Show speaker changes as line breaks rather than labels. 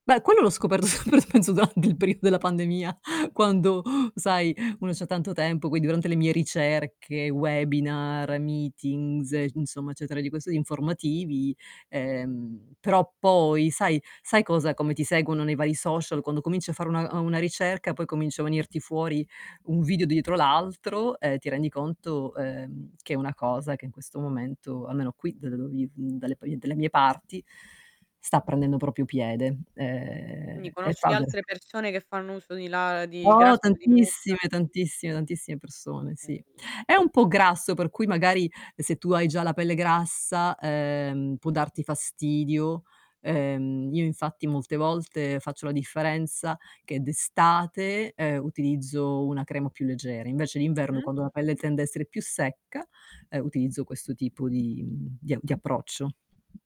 Beh, quello l'ho scoperto, sempre penso durante il periodo della pandemia, quando, sai, uno c'ha tanto tempo, quindi durante le mie ricerche, webinar, meetings, e insomma, cioè [unintelligible] informativi, ehm, però poi, sai sai cosa: come ti seguono nei vari social, quando cominci a fare una uhm, una ricerca, poi comincia a venirti fuori un video dietro l'altro, e ti rendi conto, ehm, che è una cosa che in questo momento, almeno qui da dove viv dalle pi delle mie parti, sta prendendo proprio piede.
Quindi
Ehm, e
conosci
fa be
altre persone che fanno uso di la di
Oh,
grasso di mucca?
tantissime, tantissime, tantissime persone, sì. È
[unintelligible]
un po' grasso, per cui magari, se tu hai già la pelle grassa, ehm, può darti fastidio. Ehm, io infatti molte volte faccio la differenza che d'estate, ehm, utilizzo una crema più leggera, invece d'inverno,
Mh-mh.
quando la pelle tende a essere più secca, ehm, utilizzo questo tipo di mhmm, di di approccio.